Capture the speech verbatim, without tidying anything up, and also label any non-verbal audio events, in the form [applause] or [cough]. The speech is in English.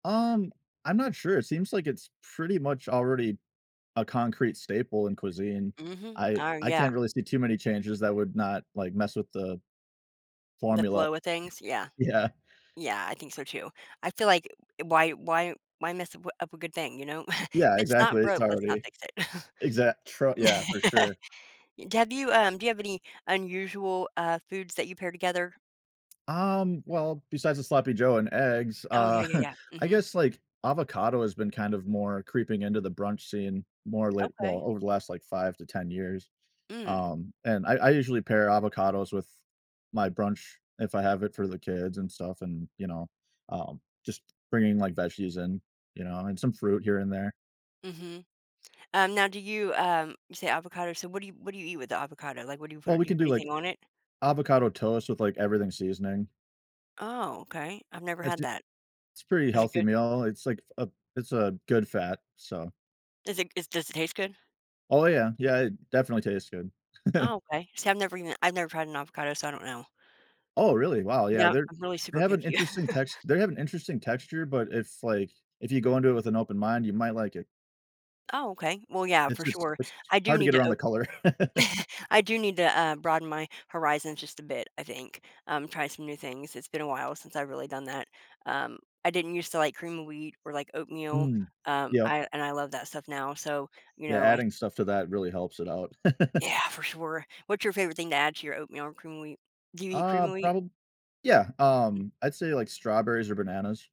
Um, I'm not sure, it seems like it's pretty much already a concrete staple in cuisine. Mhm, I oh I yeah. can't really see too many changes that would not, like, mess with the The formula. flow [chuckles] of things, yeah. Yeah. Yeah, I think so too, I feel like i why why why mess w up a good thing, you know? [chuckles] If Yeah, it's not exactly, it's broke, let's not already fix it. [chuckles] exact, tra yeah, for [laughs] sure. Have you, um do you have any unusual, uh, foods that you pair together? Um, well, besides the sloppy joe and eggs, Oh uh, yeah, yeah, [chuckles] yeah, I mhm. guess, like, avocado has been kind of more creeping into the brunch scene more late well, Okay. over the last, like, five to ten years. Mm. Um, and I I usually pair avocados with my brunch, if I have it for the kids and stuff, and, you know, um, just bringing, like, veggies in, you know? And some fruit here and there. Mhm. Um, now, do you, um you say avocado, so what do you what do you eat with the avocado? Like, what do you put Well, we do you can put do, like, anything on it? avocado toast with, like, everything seasoning. Oh, okay, I've never I just had do that. it's a pretty Is it healthy good? meal, it's, like, f a it's a good fat, so Is it is does it taste good? Oh yeah, yeah, it definitely tastes good. [chuckles] Oh, okay, see, I've never even I've never had an avocado, so I don't know. Oh really? Wow, yeah, Yeah, they're I'm really they super have an picky. interesting [chuckles] text they have an interesting texture, but it's like, if you go into it with an open mind, you might like it. Oh, okay, well, yeah, It's for just sure, it's I do hard to need get to around o the color. [laughs] [chuckles] I do need to, uh, broaden my horizons just a bit, I think, um, try some new things it's been a while since I've really done that, um, I didn't used to like cream of wheat or, like, oatmeal, Mm, um, yep. I and I love that stuff now, so, you Yeah, know, I adding stuff to that really helps it out. [laughs] Yeah, for sure, what's your favorite thing to add to your oatmeal or cream of wheat? Do you eat cream Uh, of wheat? probab yeah, Mm. um, I'd say, like, strawberries or bananas.